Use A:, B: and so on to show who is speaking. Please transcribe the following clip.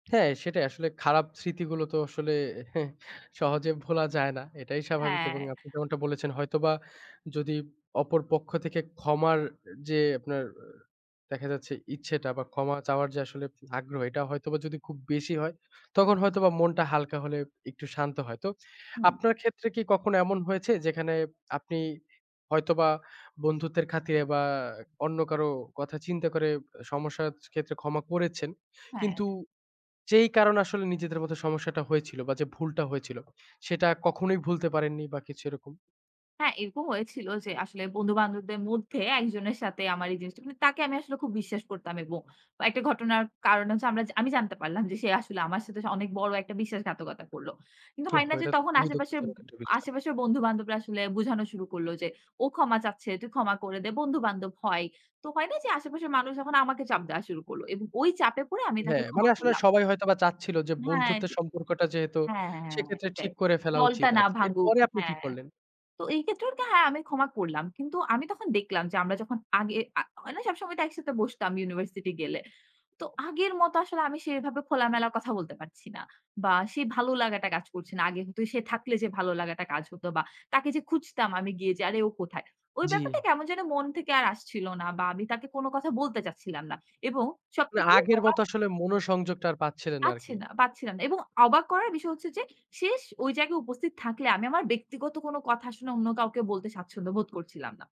A: হ্যাঁ, সেটাই। আসলে খারাপ স্মৃতিগুলো তো আসলে সহজে ভোলা যায় না এটাই স্বাভাবিক। এবং
B: হ্যাঁ।
A: আপনি যেমনটা বলেছেন হয়তোবা যদি অপর পক্ষ থেকে ক্ষমার যে আপনার, দেখা যাচ্ছে ইচ্ছেটা বা ক্ষমা চাওয়ার যে আসলে আগ্রহ এটা হয়তোবা যদি খুব বেশি হয়। তখন হয়তোবা মনটা হালকা হলে একটু শান্ত হয়। তো
B: হুম।
A: আপনার ক্ষেত্রে কি কখনো এমন হয়েছে? যেখানে আপনি হয়তোবা বন্ধুত্বের খাতিরে বা অন্য কারো কথা চিন্তা করে, সমস্যার ক্ষেত্রে ক্ষমা করেছেন?
B: হ্যাঁ।
A: কিন্তু যেই কারণ আসলে নিজেদের মধ্যে সমস্যাটা হয়েছিল বা যে ভুলটা হয়েছিল সেটা কখনোই ভুলতে পারেননি বা কিছু এরকম?
B: হ্যাঁ এরকম হয়েছিল যে আসলে বন্ধু-বান্ধবদের মধ্যে একজনের সাথে আমার এই জিনিসটা। মানে তাকে আমি আসলে খুব বিশ্বাস করতাম এবং বা একটা ঘটনার কারনে হচ্ছে আমরা আমি জানতে পারলাম যে সে আসলে আমার সাথে অনেক বড় একটা বিশ্বাসঘাতকতা করল। কিন্তু হয়
A: ওহহো!
B: না যে
A: এটা তো
B: তখন
A: খুবই
B: আশেপাশের ব
A: দুঃখজনক একটা বিষয়।
B: আশেপাশের বন্ধু-বান্ধবরা আসলে বুঝানো শুরু করল যে, "ও ক্ষমা চাচ্ছে তুই ক্ষমা করে দে। বন্ধু-বান্ধব হয়।" তো হয় না যে আশেপাশের মানুষ যখন আমাকে চাপ দেওয়া শুরু করল। এবং ওই চাপে পড়ে আমি তাকে
A: হ্যাঁ। মানে
B: ক্ষমা
A: আসলে
B: করলাম।
A: সবাই হয়তোবা চাচ্ছিল যে
B: হ্যাঁ,
A: বন্ধুত্বের
B: যে
A: সম্পর্কটা যেহেতু,
B: হ্যাঁ, হ্যাঁ, হ্যাঁ, হ্যাঁ,
A: সেক্ষেত্রে ঠিক
B: এটাই।
A: করে ফেলা
B: দলটা
A: উচিত।
B: না
A: আচ্ছা,
B: ভাঙুক।
A: এরপরে আপনি কি
B: হ্যাঁ।
A: করলেন?
B: তো এই ক্ষেত্রে ওকে হ্যাঁ আমি ক্ষমা করলাম। কিন্তু আমি তখন দেখলাম যে আমরা যখন আগে আ হয় না সবসময় তো একসাথে বসতাম ইউনিভার্সিটি গেলে। তো আগের মত আসলে আমি সেভাবে খোলামেলার কথা বলতে পারছি না। বা সে ভালো লাগাটা কাজ করছে না। আগে কিন্তু সে থাকলে যে ভালো লাগাটা কাজ হতো বা তাকে যে খুঁজতাম আমি গিয়ে যে আরে ও কোথায়? ওই ব্যাপারটা
A: জ্বি।
B: কেমন যেন মন থেকে আর আসছিল না। বা আমি তাকে কোনো কথা বলতে চাচ্ছিলাম না। এবং
A: না,
B: সবথেকে
A: আগের
B: আবাক
A: মতো আসলে মনোসংযোগটা আর পাচ্ছিলেন না
B: পাচ্ছি
A: আরকি।
B: না, পাচ্ছি না, এবং অবাক করার বিষয় হচ্ছে যে শেষ ওই জায়গায় উপস্থিত থাকলে, আমি আমার ব্যক্তিগত কোনো কথা শুনে অন্য কাউকে বলতে স্বাচ্ছন্দ্য বোধ করছিলাম না।